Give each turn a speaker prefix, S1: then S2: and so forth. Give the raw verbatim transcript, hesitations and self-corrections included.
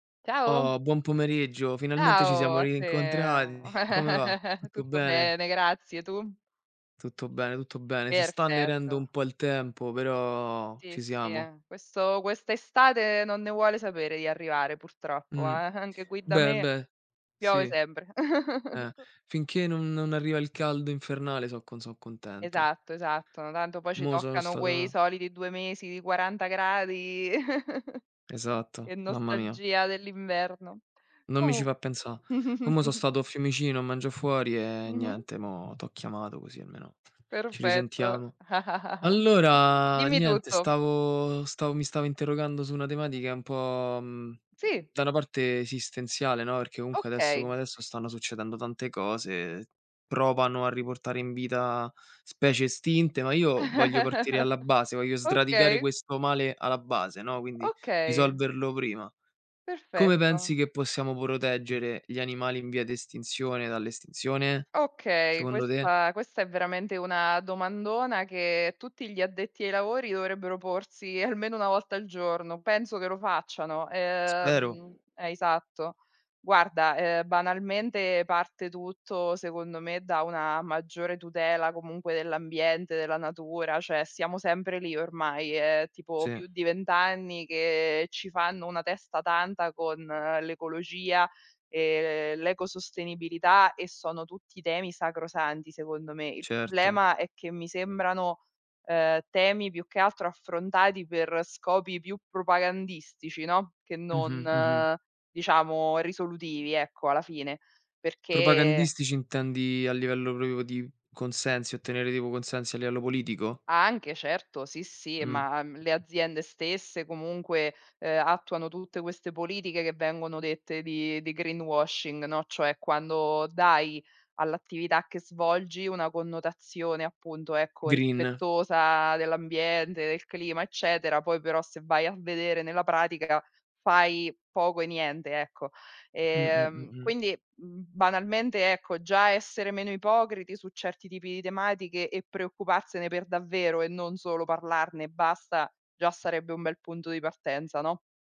S1: Ciao.
S2: Oh, buon pomeriggio, finalmente ci
S1: Ciao
S2: siamo
S1: a te.
S2: rincontradi. Come va? Tutto
S1: Tutto
S2: bene?
S1: bene, grazie, tu?
S2: Tutto bene, tutto bene. Si sta annerendo un
S1: Perfetto.
S2: po' il tempo, però
S1: Sì,
S2: ci
S1: sì,
S2: siamo.
S1: eh, questo quest'estate non ne vuole sapere di arrivare purtroppo, eh,
S2: Mh,
S1: anche qui da
S2: beh,
S1: me,
S2: beh, sì,
S1: piove sempre.
S2: eh. Finché non non arriva il caldo infernale so' co so' contento.
S1: Esatto, esatto, no tanto poi ci
S2: Mo sono
S1: toccano quei
S2: stato
S1: soliti due mesi di quaranta gradi
S2: Esatto,
S1: e
S2: mamma mia.
S1: nostalgia dell'inverno.
S2: Non mi ci
S1: Comu
S2: fa' pensa'. Com so stato a Fiumicino a mangia' fuori e,
S1: Mh-mh.
S2: niente, mo' t'ho chiamato così almeno ci
S1: Perfetto,
S2: risentiamo. Allora,
S1: dimmi
S2: niente,
S1: tutto.
S2: stavo stav mi stavo interrogando su una tematica un po', mhmm,
S1: Sì.
S2: da una parte esistenziale, no, perché comunque, adesso
S1: Okay.
S2: come adesso, stanno succedendo tante cose, provano a riportare in vita specie estinte, ma io voglio partire alla base, voglio sdradicare
S1: Okay.
S2: questo male alla base, no, quindi
S1: Okay.
S2: risolverlo prima. Come pensi
S1: Perfetto.
S2: che possiamo proteggere gli animali in via di estinzione dall'estinzione?
S1: Okay,
S2: Secondo te?
S1: questa questa è veramente una domandona che tutti gli addetti ai lavori dovrebbero porsi almeno una volta al giorno, penso che lo facciano.
S2: Spero.
S1: Ehm, eh, esatto. Guarda, ehm, banalmente, parte tutto, secondo me, da una maggiore tutela comunque dell'ambiente, della natura, cioè siamo sempre lì ormai. È tipo
S2: Sì.
S1: più di vent anni che ci fanno una testa tanta con l'ecologia e l'ecosostenibilità e sono tutti temi sacrosanti, secondo me. Il
S2: Certo.
S1: problema è che mi sembrano, ehm, temi più che altro affrontati per scopi più propagandistici, no, che
S2: Mh-mh, mh-mh.
S1: non, diciamo, risolutivi, ecco, alla fine. Perché
S2: Propagandistici intendi a livello propio di consensi, ottenere tipo consensi a livello politico?
S1: Anche, certo, sì, sì,
S2: Mh.
S1: ma, mhmm, le aziende stesse comunque, ehm, attuano tutte queste politiche che vengono dette di di greenwashing, no, cioè, quando dai all'attività che svolgi una connotazione, appunto, ecco,
S2: Green.
S1: rispettosa dell'ambiente, del clima, eccetera, poi però se vai a vedere nella pratica fai poco e niente, ecco.
S2: Mh, mh, mh,
S1: Ehm,
S2: mh.
S1: quindi mhmm, banalmente, ecco, già essere meno ipocriti su certi tipi di tematiche e preoccuparsene per davvero e non solo parlarne e basta, già sarebbe un bel punto di partenza, no?